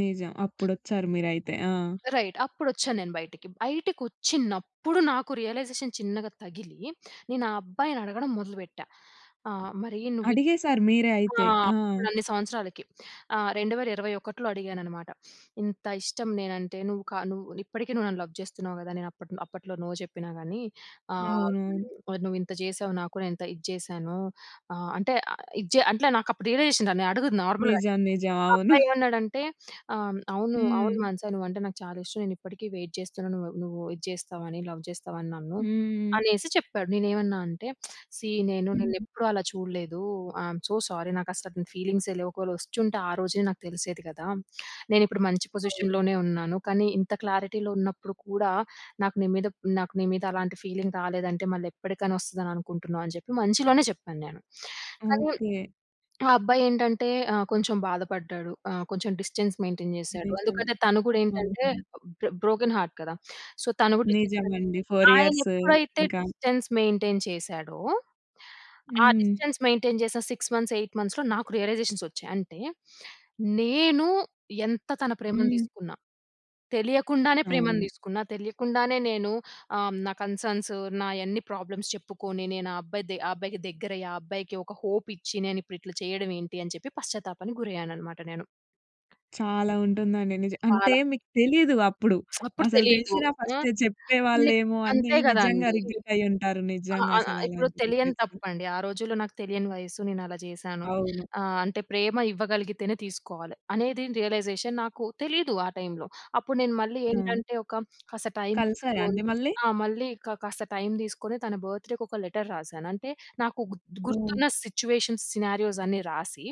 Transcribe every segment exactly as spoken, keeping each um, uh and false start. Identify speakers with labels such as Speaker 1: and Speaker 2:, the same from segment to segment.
Speaker 1: నిజం. అప్పుడొచ్చారు మీరైతే. ఆ!
Speaker 2: రైట్. అప్పుడొచ్చా నేను బయటికి. బయటికొచ్చినప్పుడు నాకు రియలైజేషన్ చిన్నగా తగిలీ నేను ఆ అబ్బాయిని అడగడం మొదలు పెట్టా. ఆహ్, మరీ నువ్వి
Speaker 1: అడిగేశారు మీరే
Speaker 2: ఆ!
Speaker 1: అయితే. ఆ!
Speaker 2: అప్పుడు అన్ని సంవత్సరాలకి. ఆ! రెండు వెల రెండు వేల ఇరవై ఒకటిలో అడిగాను అనమాట. ఇంత ఇష్టం నేను అంటే నువ్వు క నువ్వు ఇప్పటికీ నువ్వు నన్ను లవ్ చేస్తున్నావు గదా! నేను అప్పట్లో అప్పట్లో నో చెప్పినా గానీ ఆహ్,
Speaker 1: అవునవును.
Speaker 2: మరి నువ్వు ఇంత చేశావు నాకు నే ఎంత ఇది చేశానో ఆ! అంటే ఆహ్, ఇజ్జే అంట్లే నాకు అప్పుడు రియలైజేషన్ రా నే అడుగుతున్నా నార్మల్‌గా.
Speaker 1: నిజం. నిజం.
Speaker 2: ఆ
Speaker 1: అవును.
Speaker 2: అబ్బాయి ఏమన్నాడంటే ఆహ్ అవును.
Speaker 1: హ్మ్.
Speaker 2: అవును. మానసా నువ్వు అంటే నాకు చాలా ఇష్టం. నేను ఇప్పటికి వెయిట్ చేస్తున్నాను. నువ్వు నువ్వూ ఇది చేస్తావు అని లవ్ చేస్తావు అని నన్ను.
Speaker 1: హ్మ్.
Speaker 2: అనేసి చెప్పాడు. నేను ఏవన్నా అంటే సీ నేను నిన్ను
Speaker 1: హుహు.
Speaker 2: ఎప్పుడూ అలా చూడలేదూ. I'm so sorry. నాకు అసల అతని ఫీలింగ్సే లేవు. ఒకవేళ వచ్చుంటే ఆ రోజే నాకు తెలిసేది కదా! నేను ఇప్పుడు మంచి
Speaker 1: అవును.
Speaker 2: పొజిషన్‌లోనే ఉన్నాను. కానీ ఇంత క్లారిటీలో ఉన్నప్పుడు కూడా నాకు నీ మీద, నాకు నీ మీద అలాంటి ఫీలింగ్ రాలేదు అంటే మళ్ళీ ఎప్పటికైనా వస్తదని అనుకుంటున్నా అని చెప్పి మంచిగానే చెప్పాను నేను. కానీ
Speaker 1: ఓకే.
Speaker 2: ఆ అబ్బాయి ఏంటంటే ఆహ్ కొంచెం బాధ పడ్డాడు. ఆహ్, కొంచెం డిస్టెన్స్ మెయింటెయిన్ చేశాడు.
Speaker 1: నిజమే.
Speaker 2: అందుకనే తను గూడా ఏంటంటే
Speaker 1: హుహు.
Speaker 2: బ్రొ బ్రోకెన్ హార్ట్ కదా! సో, తను గూడా డిస్టెన్స్ మె
Speaker 1: నిజమండి. ఫోర్
Speaker 2: ఆయన
Speaker 1: ఇయర్స్
Speaker 2: ఎప్పుడైతే
Speaker 1: ఇంకా
Speaker 2: డిస్టెన్స్ మెయింటెయి‌న్ చేశాడో! ఆ
Speaker 1: హ్మ్.
Speaker 2: డిస్టెన్స్ మెయింటెయిన్ చేసిన సిక్స్ మంత్స్ ఎయిట్ మంత్స్‌లో నాకు రియలైజేషన్స్ వచ్చాయి. అంటే నేను ఎంత తన ప్రేమని
Speaker 1: హ్మ్.
Speaker 2: తీసుకున్న. తెలియకుండానే ప్రేమను
Speaker 1: అవును.
Speaker 2: తీసుకున్నా. తెలియకుండానే నేనూ ఆహ్, నా కన్‌స‌న్స్ నాయన్ని ప్రాబ్లమ్స్ చెప్పుకోని నేను ఆ అబ్బాయిది ఆ అబ్బాయికి దెగ్గిరయి ఆ అబ్బాయికి ఒక హోప్ ఇచ్చి నేను ఇప్పుడు ఇట్ల చేయడం ఏంటి అని చెప్పి పశ్చాత్తాపానికి గురయ్యాను అనమాట నేను.
Speaker 1: చాలా ఉంటుందండి. నిజ అంటే
Speaker 2: చాలా.
Speaker 1: మీకు తెలీదు అప్పుడు.
Speaker 2: అప్పుడు
Speaker 1: అసలు
Speaker 2: తెలీదు.
Speaker 1: తెలిసినా
Speaker 2: ఆ!
Speaker 1: ఫస్టే
Speaker 2: హ్మ్.
Speaker 1: చెప్పేవాళ్ళేమో అనీ
Speaker 2: అంతే గదా
Speaker 1: నిజంగా
Speaker 2: అండీ.
Speaker 1: రిగ్రెట్ అయ్యి ఉంటారు.
Speaker 2: ఆ!
Speaker 1: నిజంగా
Speaker 2: ఆ!
Speaker 1: అసలు
Speaker 2: ఇప్పుడు
Speaker 1: అలాంటి
Speaker 2: తెలియని
Speaker 1: రిగ్రెట్.
Speaker 2: తప్పండి. ఆ రోజుల్లో నాకు తెలియని వయసు. నేను అలా చేశాను.
Speaker 1: అవును.
Speaker 2: ఆహ్, అంటే ప్రేమ ఇవ్వగలిగితేనే తీసుకోవాలి. అనేది రియలైజేషన్ నాకు తెలీదు ఆ టైమ్‌లో. అప్పుడు నేను మళ్ళీ
Speaker 1: హ్మ్.
Speaker 2: ఏంటంటే ఒక కాస్త టైమ్
Speaker 1: కలిశారా
Speaker 2: తీసుకోని
Speaker 1: అండి మళ్ళీ?
Speaker 2: ఆ! మళ్ళీ క కాస్త టైమ్ తీసుకొని తన బర్త్‌డే‌కి ఒక లెటర్ రాశాను. అంటే నాకు గుత్
Speaker 1: హ్మ్.
Speaker 2: గుర్తున్న సిట్యుయేషన్స్ సినారియోస్ అన్నీ రాసి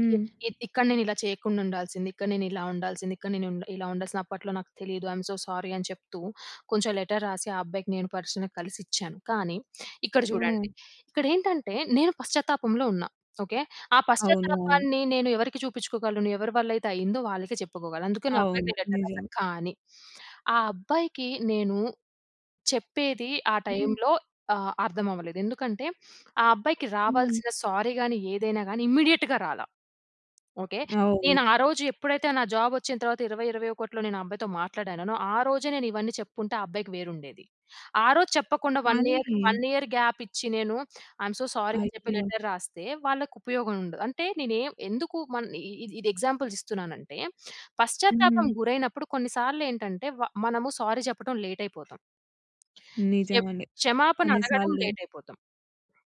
Speaker 2: ఇ ఇక్కడ నేను ఇలా చెయ్యకుండా ఉండాల్సింది. ఇక్కడ నేను ఇలా ఉండాల్సింది. ఇక్కడ నేను ఉండ్ ఇలా ఉండసలు అప్పట్లో నాకు తెలీదు. ఐ‌మ్ సో సారీ అని చెప్తూ, కొంచెం లెటర్ రాసి ఆ అబ్బాయికి నేను పర్సనల్లీ కలిసి ఇచ్చాను. కానీ ఇక్కడ చూడండి.
Speaker 1: హ్మ్.
Speaker 2: ఇక్కడ ఏంటంటే నేను పశ్చాత్తాపంలో ఉన్నా. ఓకే. ఆ
Speaker 1: అవును. అవును.
Speaker 2: పశ్చాత్తాపాన్ని నేను ఎవరికి చూపిచ్చుకోగలను? ఎవరి వల్ల అయితే అయిందో వాళ్ళకే చెప్పుకోగలను. అందుకని ఆ
Speaker 1: అవును.
Speaker 2: అబ్బాయికే లెటర్
Speaker 1: నిజం.
Speaker 2: రాశా. కానీ ఆ అబ్బాయికి నేను చెప్పేది ఆ
Speaker 1: హ్మ్.
Speaker 2: టైమ్‌లో ఆహ్, అర్థం అవ్వలేదు. ఎందుకంటే ఆ అబ్బాయికి
Speaker 1: హ్మ్.
Speaker 2: రావాల్సిన సారీ గానీ ఏదైనా గానీ ఇమ్మీడియేట్‌గా రాలా. ఓకే.
Speaker 1: అవును.
Speaker 2: నేను ఆ రోజు ఎప్పుడైతే నా జాబ్ వచ్చిన తరువాత ఇరవై ఇరవై ఒకటిలో నేను ఆ అబ్బాయితో మాట్లాడానో నొ ఆ రోజే నేను ఇవన్నీ చెప్పుకుంటే ఆ అబ్బాయికి వేరు ఉండేది. ఆరోజు చెప్పకుండా వన్ ఇయర్
Speaker 1: కానీ
Speaker 2: వన్ ఇయర్ గ్యాప్ ఇచ్చి నేను ఐ‌మ్ సో సారీ అని చెప్పి
Speaker 1: అయ్యో!
Speaker 2: లెటర్ రాస్తే వాళ్ళకు ఉపయోగం ఉండదు. అంటే నేనేం ఎందుకు మల్ ఇ ఇ ఇ ఇది ఎగ్జాంపుల్స్ ఇస్తున్నానంటే! పశ్చాత్తాపం
Speaker 1: హ్మ్.
Speaker 2: గురైనప్పుడు కొన్ని సార్లు ఏంటంటే వ మనము సారీ చెప్పటం లేట్ అయిపోతాం. చెప్
Speaker 1: నిజమండి.
Speaker 2: క్షమాపణ
Speaker 1: కొన్ని
Speaker 2: అడగడం
Speaker 1: సార్లు
Speaker 2: లేట్ అయిపోతాం.